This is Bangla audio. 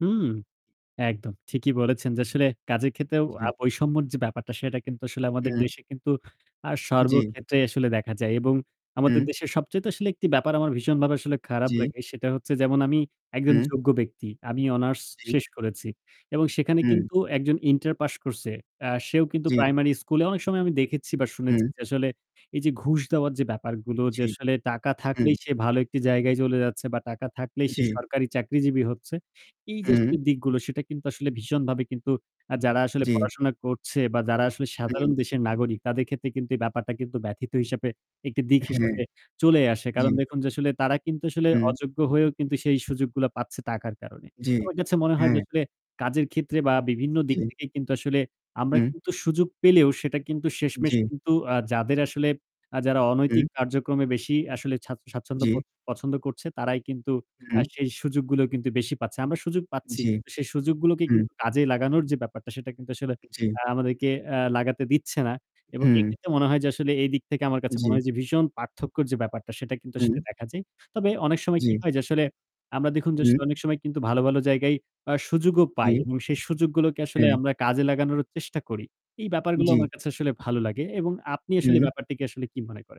হুম, একদম ঠিকই বলেছেন। আসলে কাজের ক্ষেত্রেও জি। আ বৈষম্যের যে ব্যাপারটা সেটা কিন্তু আসলে আমাদের হুম। দেশে কিন্তু আ জি। সর্বক্ষেত্রে আসলে দেখা যায়। এবং আমাদের হু। দেশে সবচাইতে আসলে একটি ব্যাপার আমার ভীষণভাবে আসলে খারাপ জি। লাগে সেটা হচ্ছে যেমন আমি একজন হু। যোগ্য ব্যক্তি। আমি অনার্স জি। শেষ করেছি এবং সেখানে হু। কিন্তু একজন ইন্টার পাশ করছে আ সেও কিন্তু জি। প্রাইমারি স্কুলে অনেক সময় আমি দেখেছি বা হু। শুনেছি যে আসলে এই যে ঘুষ দেওয়ার যে ব্যাপারগুলো যে জি। আসলে টাকা হুম। থাকলেই সে ভালো একটি জায়গায় চলে যাচ্ছে বা টাকা থাকলেই সে জি। সরকারি চাকরিজীবী হচ্ছে। এই যে আসলে হু। দিকগুলো সেটা কিন্তু আসলে ভীষণভাবে কিন্তু অ্যা যারা আসলে জি। পড়াশোনা করছে বা যারা আসলে সাধারণ হু। দেশের নাগরিক তাদের ক্ষেত্রে কিন্তু এই ব্যাপারটা কিন্তু ব্যথিত হিসেবে একটি দিক হ্যাঁ। হিসেবে চলেই আসে। কারণ জি। দেখুন যে আসলে তারা কিন্তু আসলে হু। অযোগ্য হয়েও কিন্তু সেই সুযোগগুলা পাচ্ছে টাকার কারণে। জি। আমার কাছে মনে হয় যে হ্যাঁ। আসলে কাজের ক্ষেত্রে বা বিভিন্ন দিক জি। থেকে কিন্তু আসলে আমরা হু। কিন্তু সুযোগ পেলেও সেটা কিন্তু শেষমেশ জি। কিন্তু আ যাদের আসলে আ যারা হু। অনৈতিক কার্যক্রমে বেশি আসলে স্বাচ্ছ জি। স্বাচ্ছন্দ্য বোদ পছন্দ করছে তারাই কিন্তু আ হু। সেই সুযোগগুলোই কিন্তু বেশি পাচ্ছে। আমরা সুযোগ পাচ্ছি জি। কিন্তু সেই সুযোগগুলোকে হু। কিন্তু কাজে লাগানোর যে ব্যাপারটা সেটা কিন্তু আসলে জি। আ আমাদেরকে আ লাগাতে দিচ্ছে না। এবং হু। এক্ষেত্রে মনে হয় যে আসলে এই দিক থেকে আমার কাছে মনে জি। হয় যে ভীষণ পার্থক্যর যে ব্যাপারটা সেটা কিন্তু আসলে হু। দেখা যায়। তবে অনেক সময় কি জি। হয় যে আসলে আমরা দেখুন যে হু। অনেক সময় কিন্তু ভালো, ভালো জায়গায় আ সুযোগ পাই জি। এবং সেই সুযোগগুলোকে আসলে হ্যাঁ। আমরা কাজে লাগানোরও চেষ্টা করি। এই ব্যাপারগুলো জি। আমার কাছে আসলে ভালো লাগে এবং আপনি আসলে হু। ব্যাপারটিকে আসলে কি মনে করেন?